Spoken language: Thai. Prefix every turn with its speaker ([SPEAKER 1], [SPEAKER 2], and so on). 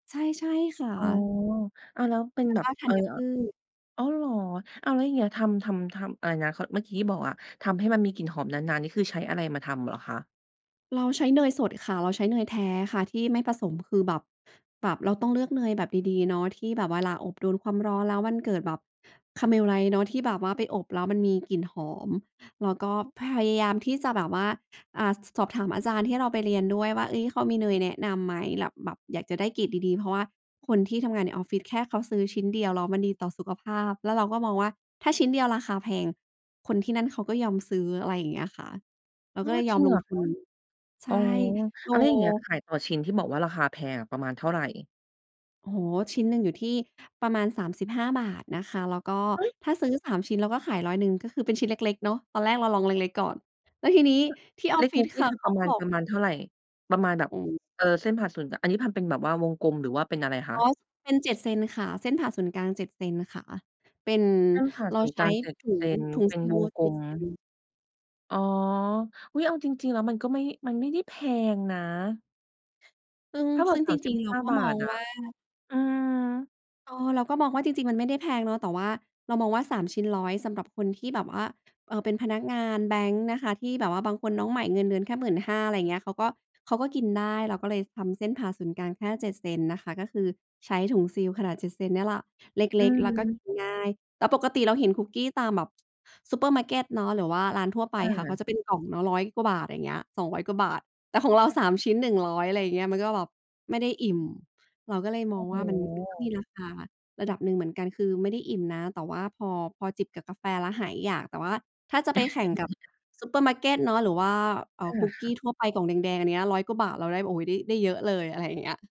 [SPEAKER 1] ใช่ ใช่ค่
[SPEAKER 2] อ๋อ
[SPEAKER 1] ะ
[SPEAKER 2] อ้าวแล้วเป็
[SPEAKER 1] แ
[SPEAKER 2] น
[SPEAKER 1] ล้
[SPEAKER 2] แ
[SPEAKER 1] ว
[SPEAKER 2] บ
[SPEAKER 1] ก
[SPEAKER 2] บ
[SPEAKER 1] ็ธ
[SPEAKER 2] เ
[SPEAKER 1] ั
[SPEAKER 2] อ่อ
[SPEAKER 1] ญพืช
[SPEAKER 2] อ้าว เหรอ? อ้าวแล้วอย่างเงี้ย ทำ ทำ ทำอะไรนะ เขา เมื่อกี้ที่บอกอะ ทำให้มันมีกลิ่นหอมนาน ๆ นี่คือใช้อะไรมาทำเหรอคะ?
[SPEAKER 1] เราใช้เนยสดค่ะ เราใช้เนยแท้ค่ะ ที่ไม่ผสมคือแบบ แบบเราต้องเลือกเนยแบบดี ๆ เนาะ ที่แบบเวลาอบโดนความร้อน แล้วมันเกิดแบบ Caramelize เนาะ ที่แบบว่าไปอบแล้วมันมีกลิ่นหอม แล้วก็ พยายามที่จะแบบว่า อ่า สอบถามอาจารย์ที่เราไปเรียนด้วยว่า เอ๊ย เขามีเนยแนะนำไหม แลบ แบบอยากจะได้เกรดดี ๆ เพราะว่าคนที่ทำงานในออฟฟิศแค่เขาซื้อชิ้นเดียว แล้วมันดีต่อสุขภาพ แล้วเราก็มองว่าถ้าชิ้นเดียวราคาแพง คนที่นั่นเขาก็ยอมซื้อ อะไรอย่างเงี้ยค่ะ เรา
[SPEAKER 2] อ๋อ
[SPEAKER 1] ก็เลยย
[SPEAKER 2] จ
[SPEAKER 1] อ
[SPEAKER 2] ริ
[SPEAKER 1] ม
[SPEAKER 2] ง
[SPEAKER 1] ล
[SPEAKER 2] เหร
[SPEAKER 1] ง
[SPEAKER 2] อ
[SPEAKER 1] ท
[SPEAKER 2] ค
[SPEAKER 1] ุ
[SPEAKER 2] ะ
[SPEAKER 1] น ใช
[SPEAKER 2] อ๋
[SPEAKER 1] ่
[SPEAKER 2] อ
[SPEAKER 1] โอ้
[SPEAKER 2] อะไรอย่างเงี้ย ขายต่อชิ้นที่บอกว่าราคาแพงอะ ประมาณเท่าไร?
[SPEAKER 1] โอ้โฮ ชิ้นหนึ่งอยู่ที่ประมาณ 35 บาทนะคะ แล้วก็
[SPEAKER 2] เฮ้ย!
[SPEAKER 1] ถ้าซื้อ 3 ชิ้น เราก็ขาย 100 ก็คือเป็นชิ้นเล็ก ๆ เนาะ ตอนแรกเราลองเล็ก ๆ ก่อน แล้วทีนี้
[SPEAKER 2] อ
[SPEAKER 1] ที่อ
[SPEAKER 2] า
[SPEAKER 1] อ
[SPEAKER 2] เ
[SPEAKER 1] ฟฟิ
[SPEAKER 2] ล็
[SPEAKER 1] ศ
[SPEAKER 2] ก ๆ
[SPEAKER 1] ค
[SPEAKER 2] นี่
[SPEAKER 1] ่ะ
[SPEAKER 2] คื
[SPEAKER 1] เ
[SPEAKER 2] อ
[SPEAKER 1] ข
[SPEAKER 2] ป
[SPEAKER 1] า
[SPEAKER 2] ระ
[SPEAKER 1] ก็
[SPEAKER 2] มาณ
[SPEAKER 1] บอก
[SPEAKER 2] ประมาณเท่าไร ประมาณแบบ
[SPEAKER 1] อือฮึ
[SPEAKER 2] เอ่อ เส้นผ่านศูนย์ อันนี้พันเป็นแบบว่าวงกลมหรือว่าเป็นอะไรค
[SPEAKER 1] อ
[SPEAKER 2] ะ?
[SPEAKER 1] ๋อ เป็น 7 เซนค่ะ เส้นผ่าศูนย์กลาง 7 เซนค่ะ เป็น
[SPEAKER 2] เส้นผ่าน
[SPEAKER 1] เรา
[SPEAKER 2] ศูนย์
[SPEAKER 1] ใ
[SPEAKER 2] ก
[SPEAKER 1] ช
[SPEAKER 2] ล
[SPEAKER 1] ้
[SPEAKER 2] าง 7
[SPEAKER 1] ถุ
[SPEAKER 2] เซ
[SPEAKER 1] ง
[SPEAKER 2] น
[SPEAKER 1] ถุง
[SPEAKER 2] เป็น
[SPEAKER 1] ซี
[SPEAKER 2] ว
[SPEAKER 1] ล
[SPEAKER 2] งก
[SPEAKER 1] เ
[SPEAKER 2] ล
[SPEAKER 1] จ็ด
[SPEAKER 2] ม
[SPEAKER 1] เซน
[SPEAKER 2] อ๋อ อุ๊ย! เอาจริง ๆ แล้วมันก็ไม่ มันไม่ได้แพงนะ
[SPEAKER 1] ซึ่ง
[SPEAKER 2] ถ้าบ
[SPEAKER 1] ซ
[SPEAKER 2] อก
[SPEAKER 1] ึ่ง
[SPEAKER 2] ส
[SPEAKER 1] จ
[SPEAKER 2] ามสิ
[SPEAKER 1] ริ
[SPEAKER 2] บ
[SPEAKER 1] ง ๆ เร
[SPEAKER 2] ห
[SPEAKER 1] า
[SPEAKER 2] ้า
[SPEAKER 1] ก็
[SPEAKER 2] บา
[SPEAKER 1] มอ
[SPEAKER 2] ท
[SPEAKER 1] ง
[SPEAKER 2] อ
[SPEAKER 1] ว
[SPEAKER 2] ะ
[SPEAKER 1] ่า
[SPEAKER 2] อืม
[SPEAKER 1] เออ เราก็มองว่าจริง ๆ มันไม่ได้แพงเนาะ แต่เรามองว่า 3 ชิ้น 100 สำหรับคนที่แบบว่า เอ่อ เป็นพนักงานแบงก์นะคะ ที่แบบว่าบางคนน้องใหม่เงินเดือนแค่ 15,000 อะไรอย่างเงี้ย เขาก็ เขาก็กินได้ เราก็เลยทำเส้นผ่าศูนย์กลางแค่ 7 เซนนะคะ ก็คือใช้ถุงซีลขนาด 7 เซนนี่แหละ เ
[SPEAKER 2] อ
[SPEAKER 1] ล็ก ๆ แล้วก็ก
[SPEAKER 2] ืม
[SPEAKER 1] ินง่าย แต่ปกติเราเห็นคุกกี้ตามแบบซูเปอร์มาร์เกตเนาะ หรือว่าร้านทั่วไป
[SPEAKER 2] ค่
[SPEAKER 1] ค่ะ เ
[SPEAKER 2] ะ
[SPEAKER 1] ขาจะเป็นกล่องเนาะ 100 กว่าบาท อย่างเงี้ย 200 กว่าบาท แต่ของเรา 3 ชิ้น 100 อะไรอย่างเงี้ย มันก็แบบไม่ได้อิ่ม เราก็เลยม
[SPEAKER 2] โอ
[SPEAKER 1] อ
[SPEAKER 2] ้
[SPEAKER 1] ง
[SPEAKER 2] โ
[SPEAKER 1] ว่ามัน มันมี
[SPEAKER 2] ฮ
[SPEAKER 1] ราคาระดับหนึ่งเหมือนกัน คือไม่ได้อิ่มนะ แต่ว่าพอ พอจิบกับกาแฟแล้วหายอยาก แต่ว่าถ้าจะไปแข่งกับซูเปอร์มาร์เกตเนาะ หรือว่า เอ่
[SPEAKER 2] เอ
[SPEAKER 1] อ ค
[SPEAKER 2] อ
[SPEAKER 1] ุก
[SPEAKER 2] ค
[SPEAKER 1] ก
[SPEAKER 2] ่
[SPEAKER 1] ี
[SPEAKER 2] ะ
[SPEAKER 1] ้ทั่วไป กล่องแดง ๆ อันนี้ 100 กว่าบาท เราได้ โอ้โฮ ได้ ได้เยอะเลย อะไรอย่างเงี้ย